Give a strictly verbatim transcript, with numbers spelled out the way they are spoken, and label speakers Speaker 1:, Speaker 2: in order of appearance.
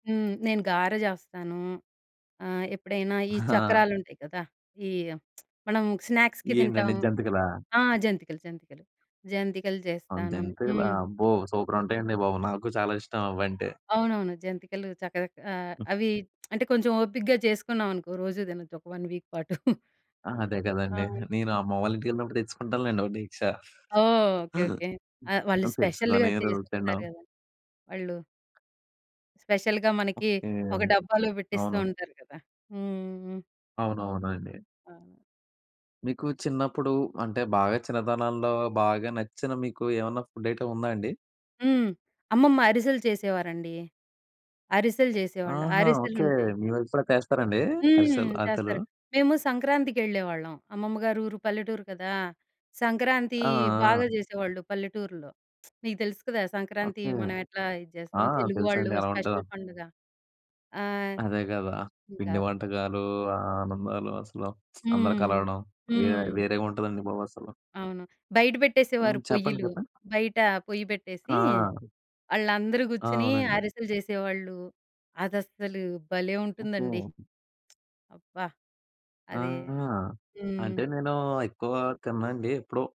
Speaker 1: హ్మ్. నేను గారా జేస్తాను. ఆహ్, ఎప్పుడైనా ఈ
Speaker 2: ఆ!
Speaker 1: చక్రాలుంటాయి గదా! ఈ మనం స్నాక్స్‌కి తింటాం!
Speaker 2: ఏంటండి జంతికలా?
Speaker 1: ఆ! జంతికలు, జంతికలు, జంతికలు
Speaker 2: అన్
Speaker 1: జేస్తాను.
Speaker 2: జంతికలా
Speaker 1: హ్మ్.
Speaker 2: అబ్బో! సూపరుంటాయండి బాబు, నాకు చాలా ఇష్టం అవంటే.
Speaker 1: అవునవును. జంతికలు చక్క‌గా ఆహ్,
Speaker 2: హ్మ్.
Speaker 1: అవి అంటే, కొంచెం ఓపికగా జేసుకున్నాం అనుకో, రోజు దినొచ్చు ఒక వన్ వీక్ పాటు.
Speaker 2: ఆ!
Speaker 1: హ్మ్.
Speaker 2: అదే
Speaker 1: ఆ!
Speaker 2: కదండీ. నేను
Speaker 1: హ్మ్.
Speaker 2: అమ్మ వాళ్ళ ఇంటికెళ్ళినప్పుడు తెచ్చుకుంటానులేండి ఒక డేక్షా.
Speaker 1: ఓహ్! ఓకే. ఓకే. ఆహ్,
Speaker 2: ఆ!
Speaker 1: వాళ్ళు స్పెషల్‌గా
Speaker 2: తెచ్చుకొని రోజు
Speaker 1: చేసిస్తారు
Speaker 2: తినడం
Speaker 1: గదా వాళ్ళు! స్పెషల్‌గా, మనకి
Speaker 2: ఓకే.
Speaker 1: ఒక
Speaker 2: అన్
Speaker 1: డబ్బాలో బెట్టిస్తూ
Speaker 2: అవును.
Speaker 1: ఉంటారు కదా! హుహుహు.
Speaker 2: అవునవునండి.
Speaker 1: అవును.
Speaker 2: మీకు చిన్నప్పుడు, అంటే బాగా చిన్నతనంలో, బాగా నచ్చిన మీకూ ఏమన్నా ఫుడ్ ఐటెమ్ ఉందా అండి?
Speaker 1: హ్మ్. అమ్మమ్మ అరిసెలు చేసేవారండీ. అరిసెలు జేసేవాళ్ళు,
Speaker 2: ఆహా! ఓకే.
Speaker 1: అరిసెలుంటాయి.
Speaker 2: మీ వైపు కూడా చేస్తారండి?
Speaker 1: హ్మ్.
Speaker 2: అరిసెలు అరిసెలు.
Speaker 1: చేస్తారు మేము సంక్రాంతికెళ్ళేవాళ్ళం అమ్మమ్మ గారి ఊరు, పల్లెటూరు కదా! సంక్రాంతీ
Speaker 2: ఆ!
Speaker 1: బాగా
Speaker 2: ఆ!
Speaker 1: జేసేవాళ్ళు పల్లెటూరుల్లో. నీకు తెలుసు కదా! సంక్రాంతి
Speaker 2: ఓకే.
Speaker 1: మనం ఎట్లా ఇది
Speaker 2: ఆ!
Speaker 1: చేస్తాం. తెలుగు వాళ్ళు
Speaker 2: తెలుసండి ఎలా ఉంటదో.
Speaker 1: స్పెషల్ పండుగ. ఆ!
Speaker 2: అదే కదా!
Speaker 1: ఇంకా
Speaker 2: పిండి వంటకాలూ, ఆ ఆనందాలు అసలు అందరు
Speaker 1: హ్మ్,
Speaker 2: కలవడం,
Speaker 1: హ్మ్. హ్మ్,
Speaker 2: వేరే
Speaker 1: హ్మ్.
Speaker 2: వేరేగుంటదండి బాబు అసలు.
Speaker 1: అవును. బయట బెట్టేసేవారు
Speaker 2: హ్మ్. చెప్పండి.
Speaker 1: పొయ్యలు,
Speaker 2: చెప్పండి.
Speaker 1: బయట పొయ్యి పెట్టేసీ,
Speaker 2: ఆ!
Speaker 1: ఆళ్ళందరూ
Speaker 2: ఆ!
Speaker 1: గూర్చొనీ
Speaker 2: అవునండి.
Speaker 1: ఆరిసెలు జేసేవాళ్ళు, అదసలు భలే ఉంటుందండి.
Speaker 2: ఓకే.
Speaker 1: అబ్బా! అదే
Speaker 2: ఆహా!
Speaker 1: హ్మ్.
Speaker 2: అంటే నేనూ, ఎక్కువగా తిననండి ఎప్పుడో